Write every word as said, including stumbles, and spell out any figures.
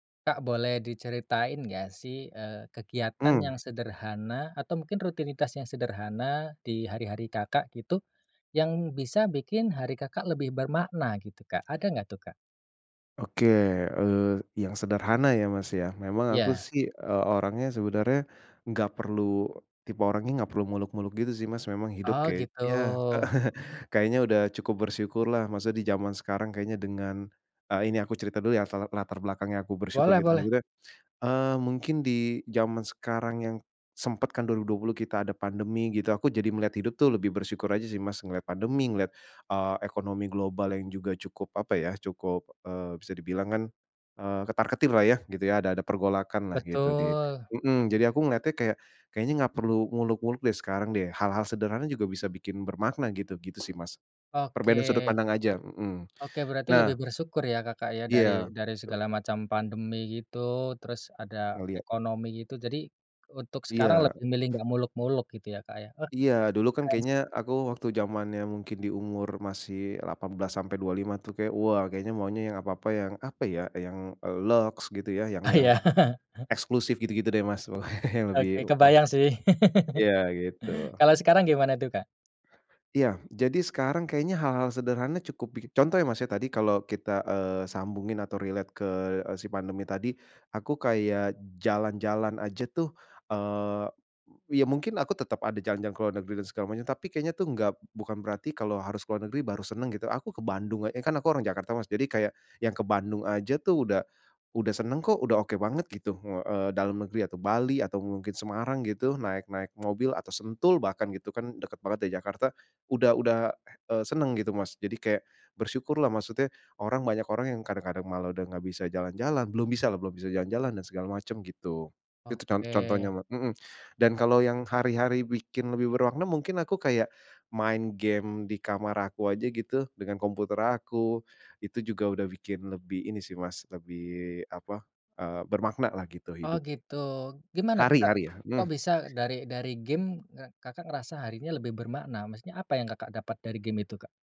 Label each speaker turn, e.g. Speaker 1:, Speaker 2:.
Speaker 1: Kak boleh diceritain nggak sih, eee, kegiatan yang
Speaker 2: Mmm.
Speaker 1: sederhana atau mungkin rutinitas yang sederhana di hari-hari Kakak gitu, yang bisa bikin hari Kakak lebih bermakna gitu, Kak? Ada nggak tuh, Kak?
Speaker 2: Oke, eee, yang sederhana ya, Mas, ya, memang aku
Speaker 1: Ya.
Speaker 2: sih, eee, orangnya sebenarnya nggak perlu tipe orangnya nggak perlu muluk-muluk gitu sih, Mas. Memang hidup
Speaker 1: Oh
Speaker 2: kayak
Speaker 1: gitu.
Speaker 2: ya, kayaknya udah cukup bersyukurlah, masa di zaman sekarang kayaknya dengan eee, ini aku cerita dulu ya asal latar belakangnya aku bersyukur
Speaker 1: Boleh
Speaker 2: gitu
Speaker 1: boleh.
Speaker 2: [unintelligible] eee, mungkin di zaman sekarang yang sempat kan dua ribu dua puluh kita ada pandemi gitu aku jadi melihat hidup tuh lebih bersyukur aja sih, Mas, ngelihat pandemi, ngelihat, eee, ekonomi global yang juga cukup, apa ya, cukup, eee, bisa dibilang kan, eee, ketar-ketirlah ya, gitu ya, ada ada pergolakanlah gitu di
Speaker 1: Betul.
Speaker 2: mmm. Jadi aku ngeliatnya kayak, kayaknya nggak perlu muluk-muluk deh sekarang deh, hal-hal sederhana juga bisa bikin bermakna gitu, gitu sih, Mas. Perbedaan sudut
Speaker 1: Oke.
Speaker 2: pandang aja, mhm,
Speaker 1: Oke berarti lebih
Speaker 2: nah
Speaker 1: bersyukur ya Kakak ya,
Speaker 2: Iya,
Speaker 1: dari dari
Speaker 2: betul.
Speaker 1: segala macam pandemi gitu, terus ada
Speaker 2: Ngelihat.
Speaker 1: ekonomi gitu. Jadi untuk sekarang
Speaker 2: Iya.
Speaker 1: lebih milih nggak muluk-muluk gitu ya, Kak, ya? Uh,
Speaker 2: Iya dulu kan
Speaker 1: keren sih.
Speaker 2: kayaknya aku waktu zamannya mungkin di umur masih delapan belas sampai dua puluh lima tuh kayaknya, wah kayaknya maunya yang apa-apa yang, apa ya, yang, eee, lux gitu ya, yang
Speaker 1: Ah,
Speaker 2: yang
Speaker 1: ya. Heeh.
Speaker 2: eksklusif gitu-gitu deh, Mas, pokoknya yang lebih
Speaker 1: Oke,
Speaker 2: wah.
Speaker 1: kebayang sih.
Speaker 2: Iya gitu.
Speaker 1: Kalo sekarang gimana tuh, Kak?
Speaker 2: Ya, jadi sekarang kayaknya hal-hal sederhana cukup, pi contoh ya, Mas, tadi kalau kita, eee, sambungin atau relate ke, eee, si pandemi tadi, aku kayak jalan-jalan aja tuh eee, ya mungkin aku tetap ada jalan-jalan ke luar negeri dan segala macem, tapi kayaknya tuh nggak bukan berarti kalau harus ke luar negeri baru seneng gitu. Aku ke Bandung eee, kan aku orang Jakarta, Mas, jadi kayak yang ke Bandung aja tuh udah udah seneng kok, udah oke banget gitu, uh, eee, dalam negeri atau Bali atau mungkin Semarang gitu naik naik mobil atau Sentul bahkan gitu kan deket banget dari Jakarta, udah udah, eee, seneng gitu, Mas. Jadi kayak bersyukurlah maksudnya orang banyak orang yang kadang-kadang malah udah nggak bisa jalan-jalan, belum bisalah, belum bisa jalan-jalan dan segala macam gitu. Itu con contohnya,
Speaker 1: Oke.
Speaker 2: ma mhm, dan kalau yang hari-hari bikin lebih bermakna mungkin aku kayak main game di kamar aku aja gitu, dengan komputer aku, itu juga udah bikin lebih ini sih, Mas, lebih apa, eee, bermaknalah gitu
Speaker 1: Oh
Speaker 2: hidup.
Speaker 1: gitu, gimana tuh,
Speaker 2: Hari
Speaker 1: Kak?
Speaker 2: hari ya,
Speaker 1: Kok
Speaker 2: mmm.
Speaker 1: bisa dari dari game, eee, Kakak ngerasa harinya lebih bermakna, maksudnya apa yang Kakak dapat dari game itu, Kak?